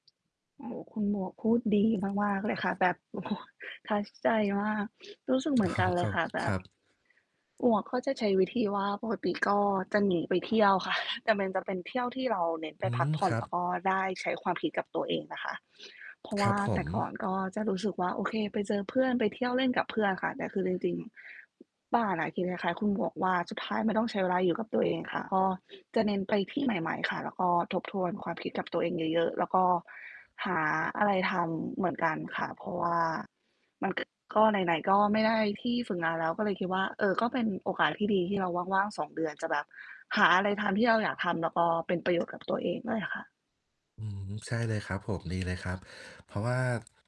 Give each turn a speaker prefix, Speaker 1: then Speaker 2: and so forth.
Speaker 1: โอ้โฮ คุณหมวกพูดดีมาก ๆ เลยค่ะ แบบ โอ้โฮ touch ใจมาก รู้สึก เ
Speaker 2: อ
Speaker 1: ห
Speaker 2: ๋อ
Speaker 1: มือนกันเลยค่ะ แบ
Speaker 2: คร
Speaker 1: บ...
Speaker 2: ับ ๆ
Speaker 1: หมวกก็จะใช้วิธีว่า ปกติ ก็จะหนีไปเที่ยวค่ะ แต่มันจะเป็นเที่ยวที่เราเน้นไ
Speaker 2: อ
Speaker 1: ป
Speaker 2: ื
Speaker 1: พั
Speaker 2: ม
Speaker 1: กผ่
Speaker 2: ค
Speaker 1: อน
Speaker 2: รั
Speaker 1: แล
Speaker 2: บ
Speaker 1: ้วก็ได้ใช้ความคิดกับตัวเองนะคะ เพราะว
Speaker 2: คร
Speaker 1: ่
Speaker 2: ั
Speaker 1: า
Speaker 2: บ ผ
Speaker 1: แต่ก่อ
Speaker 2: ม
Speaker 1: นก็จะรู้สึกว่า โอเค ไปเจอเพื่อน ไปเที่ยวเล่นกับเพื่อนค่ะ แต่คือจริง ๆ บ้านอะคิดคล้าย ๆ คุณหมวกว่า สุดท้ายมันต้องใช้เวลาอยู่กับตัวเองค่ะ ก็จะเน้นไปที่ใหม่ ๆ ค่ะ แล้วก็ ทบทวนความคิดกับตัวเองเยอะ ๆ แล้วก็หาอะไรทำเหมือนกันค่ะ เพราะว่า มันก็ ก็ไหน ๆ ก็ไม่ได้ที่ฝึกงานแล้ว ก็เลยคิดว่า เออ ก็เป็นโอกาสที่ดีที่เรา ว่าง ๆ 2 เดือน จะแบบหาอะไรทำที่เราอยากทำ แล้วก็ เป็นประโยชน์กับ ตัวเองด้วยค่ะ
Speaker 2: อืม ใช่เลยครับผม ดีเลยครับ เพราะว่า